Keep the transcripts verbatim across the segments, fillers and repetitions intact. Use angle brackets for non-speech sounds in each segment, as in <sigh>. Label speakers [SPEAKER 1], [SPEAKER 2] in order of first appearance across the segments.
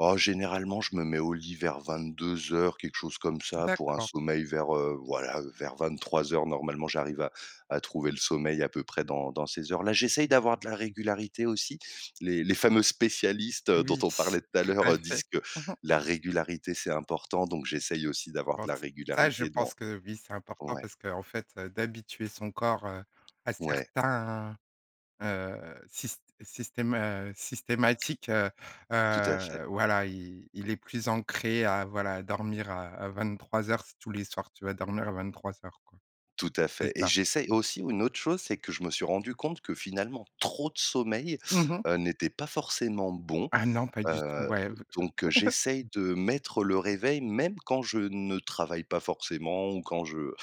[SPEAKER 1] Oh généralement, je me mets au lit vers vingt-deux heures, quelque chose comme ça, pour un
[SPEAKER 2] D'accord.
[SPEAKER 1] sommeil vers, heu, voilà, vers vingt-trois heures. Normalement, j'arrive à à trouver le sommeil à peu près dans dans ces heures-là. J'essaye d'avoir de la régularité aussi. Les les fameux spécialistes dont
[SPEAKER 2] Oui,
[SPEAKER 1] on
[SPEAKER 2] s
[SPEAKER 1] parlait tout à
[SPEAKER 2] tout à
[SPEAKER 1] l'heure
[SPEAKER 2] fait.
[SPEAKER 1] disent: «Que
[SPEAKER 2] <chuckles>
[SPEAKER 1] la régularité c'est important». Donc j'essaye aussi d'avoir
[SPEAKER 2] Bon,
[SPEAKER 1] de la
[SPEAKER 2] ç ça je
[SPEAKER 1] régularité dans
[SPEAKER 2] pense que oui, c'est important
[SPEAKER 1] ouais.
[SPEAKER 2] parce qu'en fait, d'habituer son corps, heu, à
[SPEAKER 1] Ouais.
[SPEAKER 2] certains, heu, syst sytèma heu, systématiques heu,
[SPEAKER 1] Tout à fait.
[SPEAKER 2] heu voilà il il est plus ancré à voilà dormir à à vingt-trois heures si tous les soirs tu vas dormir à vingt-trois heures quoi.
[SPEAKER 1] Tout à
[SPEAKER 2] C'est
[SPEAKER 1] fait et
[SPEAKER 2] ça.
[SPEAKER 1] j'essaye aussi une autre chose, c'est que je me suis rendu compte que, finalement trop de sommeil,
[SPEAKER 2] Mmh mh.
[SPEAKER 1] heu, n'était pas forcément bon.
[SPEAKER 2] Ah non pas du tout.
[SPEAKER 1] Heu,
[SPEAKER 2] Ouais v
[SPEAKER 1] donc
[SPEAKER 2] <chuckles>
[SPEAKER 1] j'essaye de mettre le réveil même quand je ne travaille pas forcément ou quand je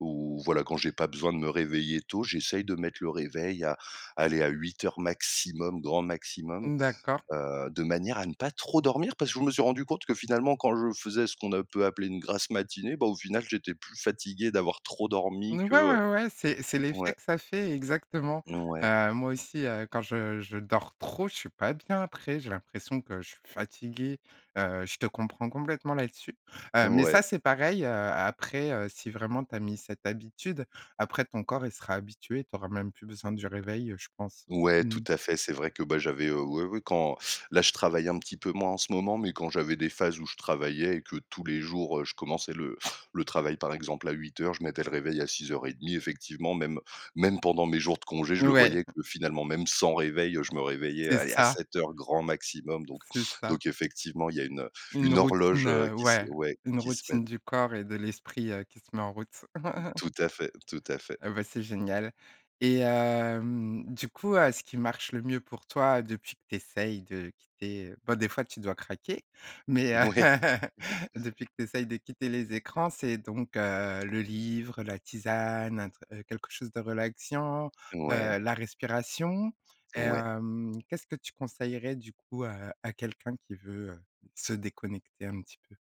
[SPEAKER 1] ou voilà quand j'ai pas besoin de me réveiller tôt, j'essaye de mettre le réveil à aller à huit heures maximum, grand maximum,
[SPEAKER 2] N d'accord.
[SPEAKER 1] heu, de manière à ne pas trop dormir parce que je me suis rendu compte que, finalement quand je faisais ce qu'on a peu appelé une grasse matinée, bah, au final j'étais plus fatigué d'avoir trop
[SPEAKER 2] N
[SPEAKER 1] dormi
[SPEAKER 2] ouais,
[SPEAKER 1] que, heu
[SPEAKER 2] ouais, ouais, c'est c'est l'effet
[SPEAKER 1] ouais.
[SPEAKER 2] que ça fait exactement.
[SPEAKER 1] Ouais.
[SPEAKER 2] Heu, moi aussi, heu, quand je je dors trop, je suis pas bien après, j'ai l'impression que je suis fatigué, heu, je te comprends complètement là-dessus. Heu, mais
[SPEAKER 1] Ouais.
[SPEAKER 2] ça, c'est pareil, heu, après, heu, si vraiment tu as mis cette habitude. Après ton corps il sera habitué, tu auras même plus besoin du réveil je pense.
[SPEAKER 1] Ouais, tout
[SPEAKER 2] Mmh.
[SPEAKER 1] à fait, c'est vrai que bah j'avais heu, ouais, ouais quand là je travaille un petit peu moins en ce moment, mais quand j'avais des phases où je travaillais et que tous les jours, heu, je commençais le le travail par exemple à huit heures je mettais le réveil à six heures trente effectivement même même pendant mes jours de congés, je le
[SPEAKER 2] Ouais.
[SPEAKER 1] voyais
[SPEAKER 2] <chuckles>
[SPEAKER 1] que, finalement même sans réveil, je me réveillais
[SPEAKER 2] C'est
[SPEAKER 1] allez à
[SPEAKER 2] ça.
[SPEAKER 1] sept heures grand maximum donc
[SPEAKER 2] C'est ça.
[SPEAKER 1] donc effectivement il y a une
[SPEAKER 2] Une
[SPEAKER 1] une horloge,
[SPEAKER 2] routine
[SPEAKER 1] heu,
[SPEAKER 2] heu,
[SPEAKER 1] qui se
[SPEAKER 2] ouais,
[SPEAKER 1] ouais
[SPEAKER 2] une
[SPEAKER 1] qui se met
[SPEAKER 2] routine du corps et de l'esprit, heu, qui se met en route. <laughs>
[SPEAKER 1] Tout à fait tout à fait.
[SPEAKER 2] Ah bah c'est génial. Et hem du coup, heu, ce qui marche le mieux pour toi depuis que tu essayes de quitter bah des fois tu dois craquer mais, heu,
[SPEAKER 1] Mouais. <chuckles>
[SPEAKER 2] depuis que tu essayes de quitter les écrans, c'est donc, heu, le livre, la tisane, un tr quelque chose de relaxiant,
[SPEAKER 1] Ouais.
[SPEAKER 2] heu, la respiration et
[SPEAKER 1] Ouais.
[SPEAKER 2] hem, qu'est-ce que tu conseillerais du coup, heu, à quelqu'un qui veut, heu, se déconnecter un petit peu?